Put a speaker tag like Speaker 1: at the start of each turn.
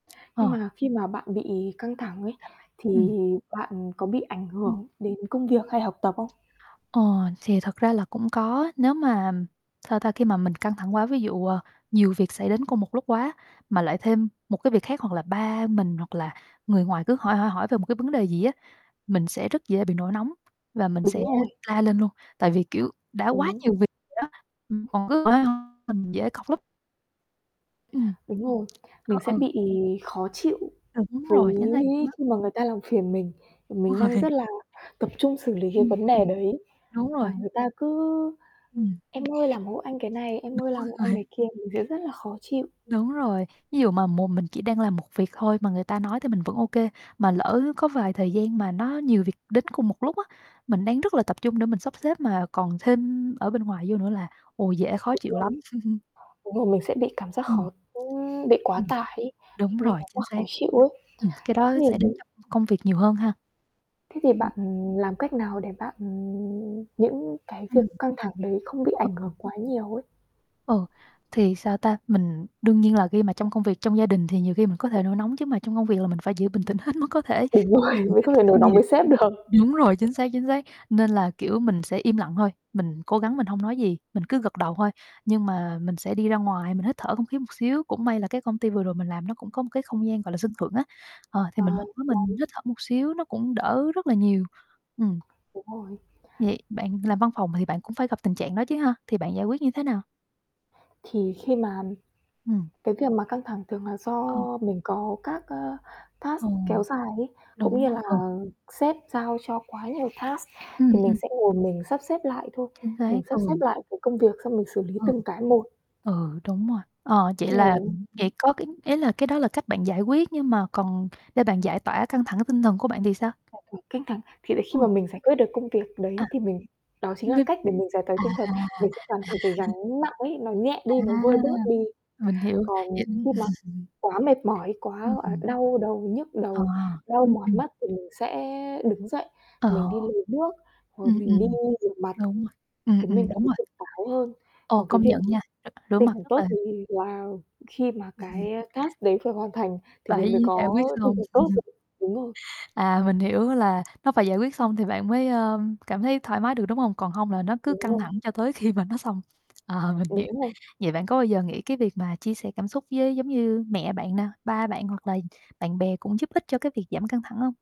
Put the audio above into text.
Speaker 1: Nhưng
Speaker 2: Ờ.
Speaker 1: mà khi mà bạn bị căng thẳng ấy,
Speaker 2: Sao vậy?
Speaker 1: thì
Speaker 2: Ừm.
Speaker 1: bạn có bị ảnh
Speaker 2: Ừm.
Speaker 1: hưởng đến công việc hay học tập không?
Speaker 2: Ờ, thì thật ra là cũng có, nếu mà, ừm, sao ta, khi mà mình căng thẳng quá, ví dụ, ờ, nhiều việc xảy đến cùng một lúc quá, mà lại thêm một cái việc khác, hoặc là ba mình hoặc là người ngoài cứ hỏi hỏi hỏi về một cái vấn đề gì á, mình sẽ rất dễ bị nổi nóng và mình
Speaker 1: Đúng
Speaker 2: sẽ
Speaker 1: rồi.
Speaker 2: la lên luôn. Tại vì, kiểu, đã quá
Speaker 1: Đúng.
Speaker 2: nhiều việc rồi đó ừm, còn cứ hỏi hỏi, mình dễ cọc lắm. Ừm.
Speaker 1: Đúng rồi. Mình
Speaker 2: Ơ,
Speaker 1: sẽ
Speaker 2: ừ.
Speaker 1: bị khó chịu,
Speaker 2: Ừ, đúng
Speaker 1: với
Speaker 2: rồi, chính xác luôn á
Speaker 1: khi mà người ta làm phiền mình, mà
Speaker 2: Đúng
Speaker 1: mình đang
Speaker 2: rồi.
Speaker 1: rất là tập trung xử lý cái
Speaker 2: Ừm,
Speaker 1: vấn
Speaker 2: ừm.
Speaker 1: đề đấy,
Speaker 2: Đúng
Speaker 1: mà
Speaker 2: rồi.
Speaker 1: người ta cứ:
Speaker 2: Ừm.
Speaker 1: "Em ơi làm hộ anh cái này,
Speaker 2: Đúng
Speaker 1: em ơi làm hộ anh
Speaker 2: rồi.
Speaker 1: cái kia." Mình sẽ rất là khó chịu.
Speaker 2: Đúng rồi. Ví dụ mà mộ mình chỉ đang làm một việc thôi mà người ta nói thì mình vẫn OK, mà lỡ có vài thời gian mà nó nhiều việc đến cùng một lúc á, mình đang rất là tập trung để mình sắp xếp mà còn thêm ở bên ngoài vô nữa là, ồ, dễ khó
Speaker 1: Đúng
Speaker 2: chịu lắm.
Speaker 1: rồi. Đúng rồi, mình sẽ bị cảm giác
Speaker 2: Ừm.
Speaker 1: khó ừm, bị quá
Speaker 2: Ừm.
Speaker 1: tải ấy, thì
Speaker 2: Đúng
Speaker 1: mình
Speaker 2: rồi,
Speaker 1: cảm giác
Speaker 2: chính xác.
Speaker 1: khó chịu ấy.
Speaker 2: Ừm, cái
Speaker 1: Thế
Speaker 2: đó xảy
Speaker 1: thì
Speaker 2: đến
Speaker 1: m
Speaker 2: trong công việc nhiều hơn ha?
Speaker 1: thế thì
Speaker 2: Ừm.
Speaker 1: bạn làm cách nào để bạn, ừm những cái việc
Speaker 2: Ừm.
Speaker 1: căng thẳng đấy không bị
Speaker 2: Ờ.
Speaker 1: ảnh hưởng quá nhiều ấy?
Speaker 2: Ừ, thì sao ta? Mình đương nhiên là khi mà trong công việc trong gia đình thì nhiều khi mình có thể nổi nóng, chứ mà trong công việc là mình phải giữ bình tĩnh hết mức có thể,
Speaker 1: Đúng rồi,
Speaker 2: để giữ
Speaker 1: mình
Speaker 2: cái
Speaker 1: không
Speaker 2: tính
Speaker 1: thể nổi
Speaker 2: chuyên
Speaker 1: nóng
Speaker 2: nghiệp.
Speaker 1: với sếp được.
Speaker 2: Đúng rồi, chính xác chính xác, nên là, kiểu, mình sẽ im lặng thôi. Mình cố gắng mình hông nói gì, mình cứ gật đầu thôi, nhưng mà mình sẽ đi ra ngoài, mình hít thở không khí một xíu. Cũng may là cái công ty vừa rồi mình làm nó cũng có một cái không gian, gọi là, sân thượng á, ờ, thì
Speaker 1: À,
Speaker 2: mình
Speaker 1: ra
Speaker 2: lên đó mình
Speaker 1: đi
Speaker 2: hít thở một xíu nó cũng đỡ rất là nhiều. Ừm.
Speaker 1: Đúng rồi.
Speaker 2: Vậy bạn làm văn phòng thì bạn cũng phải gặp tình trạng đó chứ ha, thì bạn giải quyết như thế nào?
Speaker 1: Thì khi mà, ừm,
Speaker 2: Ừm.
Speaker 1: cái việc mà căng thẳng thường là do
Speaker 2: Ừ.
Speaker 1: mình có các, a, task
Speaker 2: Ồ,
Speaker 1: kéo dài ấy, cũng
Speaker 2: đúng
Speaker 1: như là
Speaker 2: r ừ.
Speaker 1: sếp giao cho quá nhiều task,
Speaker 2: Ừm,
Speaker 1: thì mình
Speaker 2: ừm.
Speaker 1: sẽ ngồi mình sắp xếp lại thôi,
Speaker 2: Chính
Speaker 1: mình
Speaker 2: xác,
Speaker 1: sắp
Speaker 2: ừ.
Speaker 1: xếp lại cái công việc xong mình xử lý
Speaker 2: Ừ.
Speaker 1: từng cái một.
Speaker 2: Ừ, đúng rồi, ờ, vậy
Speaker 1: Trời
Speaker 2: là
Speaker 1: ơi.
Speaker 2: ừm, vậy có cái ý là cái đó là cách bạn giải quyết, nhưng mà còn để bạn giải tỏa căng thẳng tinh thần của bạn thì sao?
Speaker 1: Giải tỏa căng thẳng, thì là khi
Speaker 2: Ồ.
Speaker 1: mà mình giải quyết được công việc
Speaker 2: À,
Speaker 1: đấy thì mình đó chính là
Speaker 2: nh
Speaker 1: cách để mình giải tỏa
Speaker 2: à,
Speaker 1: tinh thần.
Speaker 2: à.
Speaker 1: Mình sẽ cảm thấy cái gắng nặng ấy, nó nhẹ
Speaker 2: À,
Speaker 1: đi, nó vơi bớt đi.
Speaker 2: mình hiểu.
Speaker 1: Còn
Speaker 2: Vậy, ưm
Speaker 1: khi mà quá mệt mỏi, quá, gọi là,
Speaker 2: Ừm.
Speaker 1: đau đầu, nhức
Speaker 2: À,
Speaker 1: đầu, đau
Speaker 2: ừm,
Speaker 1: mỏi
Speaker 2: ừm.
Speaker 1: mắt thì mình sẽ đứng dậy,
Speaker 2: Ờ.
Speaker 1: mình đi lấy nước hoặc là
Speaker 2: Ừm,
Speaker 1: mình đi
Speaker 2: ừm.
Speaker 1: rửa mặt,
Speaker 2: Đúng rồi, ừm,
Speaker 1: khiến mình
Speaker 2: ừm,
Speaker 1: cảm
Speaker 2: đúng
Speaker 1: thấy
Speaker 2: rồi.
Speaker 1: tỉnh táo hơn.
Speaker 2: Ồ,
Speaker 1: Còn cái
Speaker 2: công
Speaker 1: việc
Speaker 2: nhận nha, r rửa
Speaker 1: tinh
Speaker 2: mặt
Speaker 1: thần
Speaker 2: rất
Speaker 1: tốt,
Speaker 2: là
Speaker 1: thì là khi mà cái, a, task đấy phải hoàn thành thì mình mới
Speaker 2: Phải giải
Speaker 1: có
Speaker 2: quyết
Speaker 1: tinh
Speaker 2: xong.
Speaker 1: thần tốt được, đúng rồi.
Speaker 2: À, mình hiểu là nó phải giải quyết xong thì bạn mới, ờm, cảm thấy thoải mái được, đúng hông? Còn hông là nó cứ
Speaker 1: Đúng
Speaker 2: căng
Speaker 1: rồi.
Speaker 2: thẳng cho tới khi mà nó xong. Ờ, mình hiểu.
Speaker 1: Đúng rồi.
Speaker 2: Vậy bạn có bao giờ nghĩ cái việc mà chia sẻ cảm xúc với, giống như, mẹ bạn nè, ba bạn hoặc là bạn bè cũng giúp ích cho cái việc giảm căng thẳng hông?